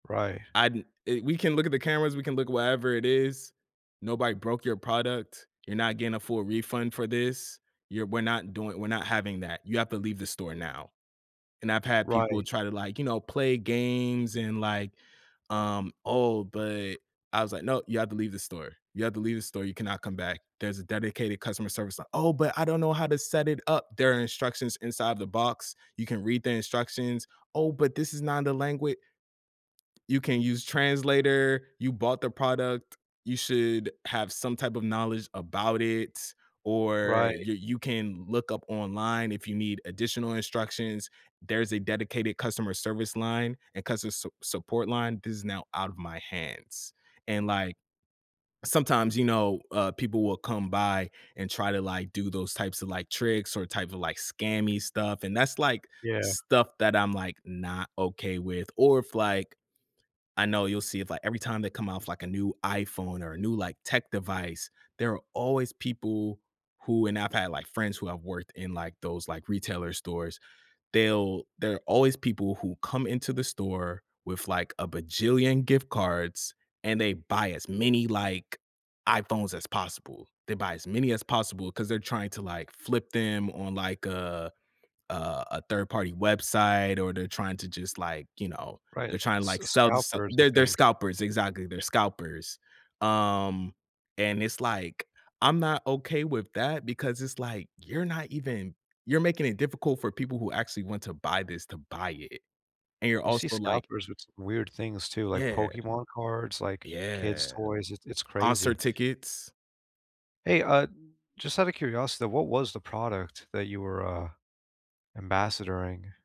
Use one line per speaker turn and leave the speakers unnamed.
Right.
"I di eh we can look at the cameras, we can look wherever it is. Nobody broke your product. You're not getting a full refund for this. You're we're not doing we're not having that, you have to leave the store now." And I've had people
Right.
try to, like, you know, play games and, like, um, "Oh, but" I was, like, "No, you have to leave the store. You have to leave the store; you cannot come back. There's a dedicated customer service li" "Oh, but I don't know how to set it up." "There are instructions inside the box. You can read the instructions." "Oh, but this is not the langua" "You can use translator. You bought the product, you should have some type of knowledge about it, or
Right.
y you can look up online if you need additional instructions. There's a dedicated customer service line and customer s support line. This is now out of my hands." And, like sometimes, you know, uh, people will come by and try to, like, do those types of, like, tricks or type of, like, scammy stuff and that's, like,
Yeah.
stuff that I'm, like, not okay with. Or if, like I know you'll see if like, every time they come off, like, a new iPhone or a new, like, tech device, there are always people who and I've had like friends who have worked in, like, those, like, retailer stores, they'll they're always people who come into the store with, like, a bajillion gift cards and they buy as many, like, iPhones as possible. They buy as many as possible 'cause they're trying to, like, flip them on, like, a a a 3rd party website, or they're trying to just, like, you know,
Right,
they're trying,
s
like, to sell to so
scalpers, I
they're they're
think.
scalpers, exactly, they're scalpers. Um, and it's, like, I'm not okay with that because it's, like, "You're not even you're making it difficult for people who actually want to buy this to buy it, and you're
You see
also like"
scalpers with s weird things too, like
Yeah.
Pokemon cards, like, kids'
Yeah,
toys, it's it's
concert
crazy.
tickets.
Hey, uh, just outta curiosity, what was the product that you were, uh, ambassadoring?